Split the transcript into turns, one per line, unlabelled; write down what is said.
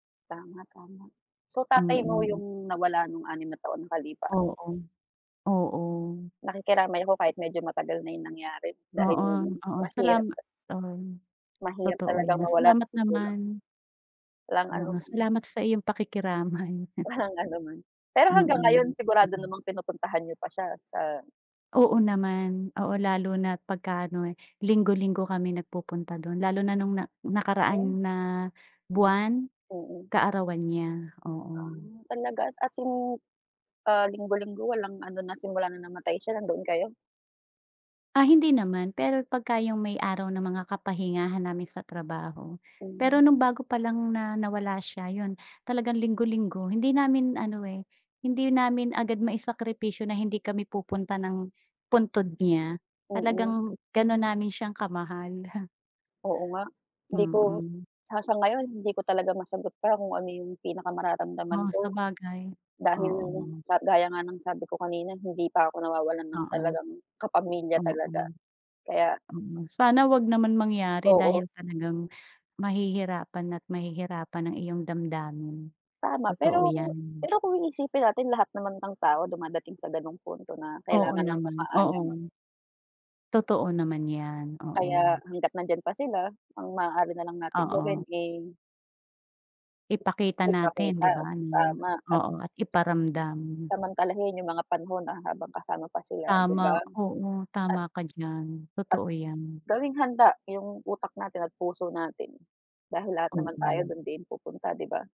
Tama, tama. So tatay mo
Mm.
yung nawala nung 6 na taon na nakalipas.
Oo. Oo.
Nakikiramay ako kahit medyo matagal na yung nangyari, dahil
Oo, oo,
mahirap
salama
ta
oo,
Mahirap
totoo
talagang
yan,
mawalan ng
salamat
magulang.
naman.
Walang
Oo,
anuman.
salamat sa iyong pakikiramay.
Walang ano naman, pero hanggang
Mm,
ngayon, sigurado
hmm.
namang pinupuntahan niyo pa siya sa
Oo naman, oo, lalo na't pagka-ano eh, linggo-linggo kami nag-pupunta dun, lalo na nung na
Hmm.
nakaraan na buwan,
Mm.
kaarawan niya,
Ah,
oo.
talaga, as in ah, linggo-linggo, walang ano na simula na namatay siya nandoon kayo?
Ah, hindi naman, pero pagka 'yong may araw ng mga kapahingahan namin sa trabaho,
Mm.
pero nung bago pa lang na nawala siya, yun, talagang linggo-linggo, hindi namin ano eh, hindi namin agad maisakripisyo na hindi kami pupunta ng puntod niya,
Mm.
talagang ganon namin siyang kamahal.
Oo nga, hindi ko
Mm.
ah, sa ngayon, hindi ko talaga masagot pa kung ano yung pinakamararamdaman
Oh,
ko,
sabagay,
dahil,
oo.
sa gaya nga ng sabi ko kanina, hindi pa ako nawawalan ng
Oo.
talagang kapamilya
Oo.
talaga, kaya
Sana 'wag naman mangyari,
Oo.
dahil talagang mahihirapan at mahihirapan ang iyong damdamin.
Tama,
Totoo
pero
yan.
pero kung iisipin natin, lahat naman ng tao dumadating sa gano'ng punto na
Oo
kailangan nang
naman,
mamaalam.
oo. Totoo naman 'yan,
Kaya
oo.
hanggat nandiyan pa sila, ang maaari nalang nating gawin
Oo.
eh
Ipakita natin, 'di
ipakita,
ba, na
tama at
oo, at iparamdam.
samantalahin yung mga panahon habang kasama pa sila, 'di ba?
Tama, oo,
At
tama ka diyan,
At
totoo yan.
gawing handa yung utak natin at puso natin, dahil lahat naman tayo
Oo.
dun din pupunta, 'di ba?